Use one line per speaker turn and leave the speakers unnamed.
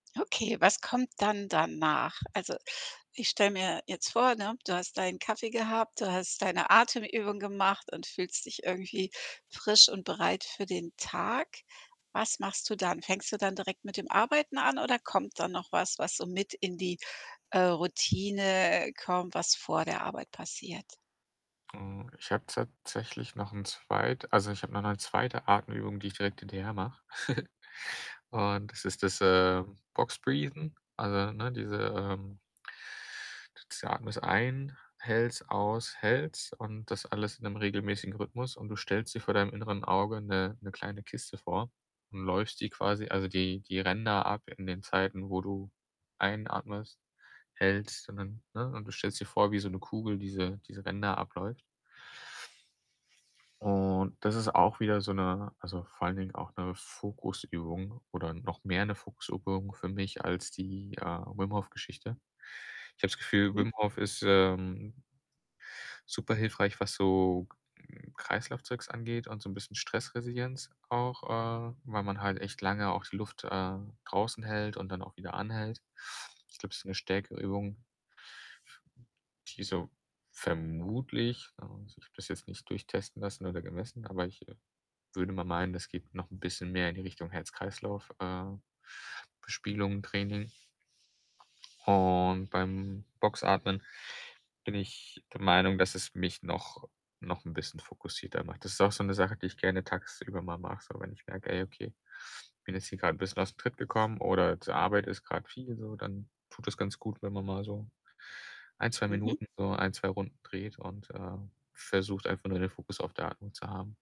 Okay, was kommt dann danach? Also, ich stelle mir jetzt vor, ne, du hast deinen Kaffee gehabt, du hast deine Atemübung gemacht und fühlst dich irgendwie frisch und bereit für den Tag. Was machst du dann? Fängst du dann direkt mit dem Arbeiten an oder kommt da noch was, was so mit in die, äh, Routine kommt, was vor der Arbeit passiert?
Hm, ich habe tatsächlich noch 'n Zweit also ich habe noch 'ne 2. Atemübung, die ich direkt hinterher mache. Und das ist das, äh, Box breathen, also ne, diese, ähm [unintelligible] atmest ein, hältst, aus, hältst und das alles in 'nem regelmäßigen Rhythmus. Und du stellst dir vor deinem inneren Auge 'ne 'ne kleine Kiste vor und läufst die quasi also die die Ränder ab in den Zeiten, wo du einatmest, hältst und dann, ne? Und du stellst dir vor, wie so 'ne Kugel diese diese Ränder abläuft. Und das ist auch wieder so 'ne also, vor allen Dingen auch 'ne Fokusübung oder noch mehr 'ne Fokusübung für mich als die, äh, Wim-Hof-Geschichte. Ich habe das Gefühl,
Mhm.
Wim Hof ist, ähm, super hilfreich, was so Kreislaufzeugs angeht und so 'n bisschen Stressresilienz auch, äh, weil man halt echt lange auch die Luft, äh, draußen hält und dann auch wieder anhält. Ich glaube, es ist 'ne stärkere Übung die so, vermutlich ne, also, ich habe das jetzt nicht durchtesten lassen oder gemessen, aber ich, äh, würde mal meinen, das geht noch 'n bisschen mehr in die Richtung Herz-Kreislauf, äh, Bespielung, Training. Und beim Boxatmen bin ich der Meinung, dass es mich noch noch 'n bisschen fokussierter macht. Das ist auch so 'ne Sache, die ich gerne tagsüber mal mache, so. Wenn ich merke: „Ey, okay, bin jetzt hier grad bisschen aus 'm Tritt gekommen“, oder z Arbeit ist grade viel so, dann tut das ganz gut, wenn man mal so 1, 2
Mhm.
Minuten so 1, 2 Runden dreht und, äh, versucht, einfach nur den Fokus auf der Atmung zu haben.